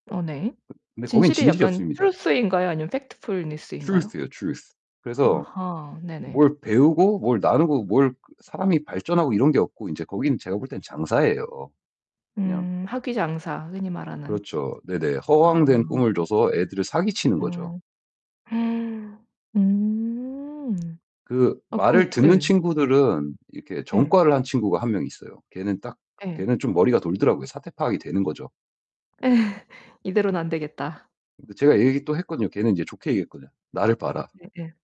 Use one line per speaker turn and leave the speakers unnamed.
네.
근데 거긴
진실이
진실이
약간
없습니다.
truth인가요? 아니면 factfulness인가요?
Truth예요. Truth. 그래서
아하. 네네.
뭘 배우고 뭘 나누고 뭘 사람이 발전하고 이런 게 없고 인제 거기는 제가 볼 때는 장사예요. 그냥
음 학위 장사 흔히 말하는.
그렇죠. 네네.
아아.
허황된 꿈을 줘서 애들을 사기 치는 거죠.
음. 음.
그
아 그럼
말을 듣는
예.
친구들은 이렇게
예.
전과를 한 친구가 1 명 있어요. 걔는 딱
예.
걔는 좀 머리가 돌더라고요. 사태 파악이 되는 거죠.
이대론 안 되겠다.
근데 제가 얘기 또 했거든요. 걔는 인제 좋게 얘기했거든요. "나를 봐라."
네 예.